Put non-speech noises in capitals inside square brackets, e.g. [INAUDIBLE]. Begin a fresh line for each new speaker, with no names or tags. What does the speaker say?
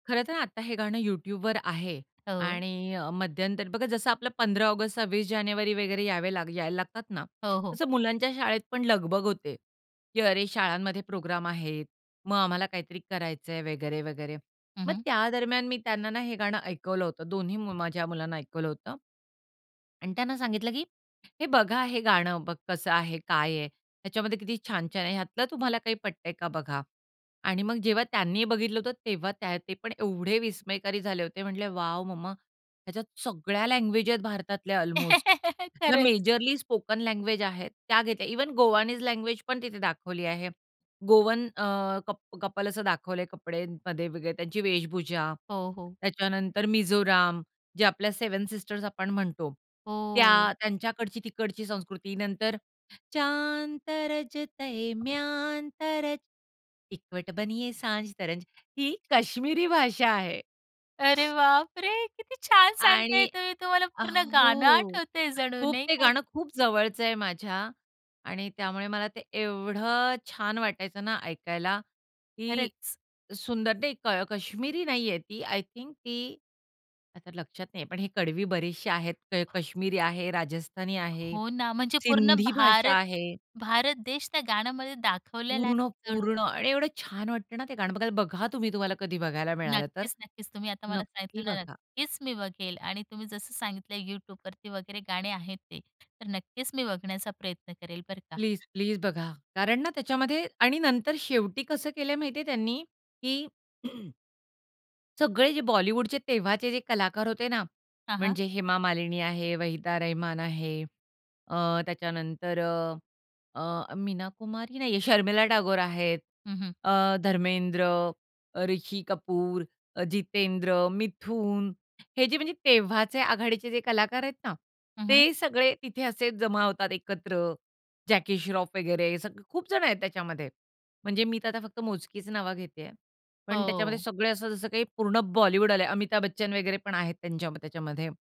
खरं तर आता हे गाणं YouTubeवर आहे
हो.
आणि अ, मध्यंतरी बघा जसं आपलं 15 ऑगस्ट 26 जानेवारी वगैरे यावे ला यायला लागतात ना,
हो, हो.
तसं मुलांच्या शाळेत पण लगबग होते, की अरे शाळांमध्ये प्रोग्राम आहेत. मग आम्हाला काहीतरी करायचंय वगैरे-वगैरे.
हं,
मग
हं.
त्या दरम्यान मी त्यांना ना, हे गाणं ऐकवलं होतं. दोन्ही मी माझ्या मुलांना ऐकवलं होतं आणि त्यांना सांगितलं की हे बघा, हे गाणं बघ कसं आहे, काय आहे. त्याच्यामध्ये किती छान-छान आहे, ह्यातलं तुम्हाला काही पटतंय का बघा आणि मग जेव्हा त्यांनी बघितलं होतं, तेव्हा त्या ते पण एवढे विस्मयकारी झाले होते म्हंटले वॉव! मम्मा, ह्याच्यात सगळ्या लँग्वेज आहेत भारतातल्या अल्मोस्ट.
[CHUCKLES]
ह्या
खरंच.
मेजरली स्पोकन लँग्वेज आहेत, त्या घेतल्या इव्हन गोवानीज लँग्वेज पण तिथे दाखवली आहे. गोवन अ, कप कपल असं दाखवलंय कपडे [UNINTELLIGIBLE] मध्ये वगैरे त्यांची वेशभूषा,
हो, हो.
त्याच्यानंतर मिझोराम, जे आपल्या 7 सिस्टर्स आपण म्हणतो.
हो.
त्या, त्यांच्याकडची तिकडची संस्कृती, नंतर चांद तराजतयं म्यानतरज ईकवट बनिये सांज तरंज ही काश्मिरी भाषा आहे.
अरे बापरे! किती छान सांगताय
आणि
तुम्ही तुम्हाला
अ,
पूर्ण गाणं
हो.
आठवतंय जणू
खूप
नाही
ते
का?
गाणं खूप जवळच आहे माझ्या आणि त्यामुळे मला ते एवढं छान वाटायचं ना, ऐकायला, की
खरंच.
सुंदर ते क काश्मिरी नाहीये ती आय थिंक ती, आता लक्षात नाहीये पण ही कडवी बरीचशी आहेत. क काश्मिरी आहे, राजस्थानी आहे,
हो ना, म्हणजे पूर्ण
सिंधी भाषा
भारत
आहे.
भारत देश त्या गाण्यामध्ये दाखवलेला आहे
पूर्ण पूर्ण
जणू.
आणि एवढं छान वाटतं ना, ते गाणं बघ बघा तुम्ही तुम्हाला कधी बघायला मिळालं तर.
नक्कीच, नक्कीच. तुम्ही आता मला सांगितलं
नक्की
ना,
बघा.
नक्कीच मी बघेल आणि तुम्ही जसं सांगितल YouTubeवरती वगैरे गाणे आहेत ते, तर नक्कीच मी बघण्याचा प्रयत्न करेल बरं का.
प्लीज-प्लीज बघा कारण ना, त्याच्यामध्ये आणि नंतर शेवटी कसं केलंय माहितीये त्यांनी की [CLEARS THROAT] सगळे जे बॉलिवूडचे तेव्हाचे जे कलाकार होते ना,
हां, हां.
म्हणजे हेमा मालिनी आहे, वहिदा रहमान आहे, अ, त्याच्यानंतर अ, अ, मीना कुमारी नाहीये. शर्मिला टागोर आहेत,
हं, हं.
अ, धर्मेंद्र, अ, ऋषी कपूर, अ, जितेंद्र, मिथून हे जे म्हणजे तेव्हाचे आघाडीचे जे कलाकार आहेत ना,
हं, हं.
ते सगळे तिथे असेच जमा होतात एकत्र. जॅकी श्रॉफ वगैरे हे सगळे खूप जणं आहेत त्याच्यामध्ये. म्हणजे मी तर आता फक्त मोजकीच नाव घेतेय, पण त्याच्यामध्ये
हो.
सगळे असं जसं काही पूर्ण बॉलिवूड आले, अमिताभ बच्चन वगैरे पण आहेत त्यांच्याम त्याच्यामध्ये.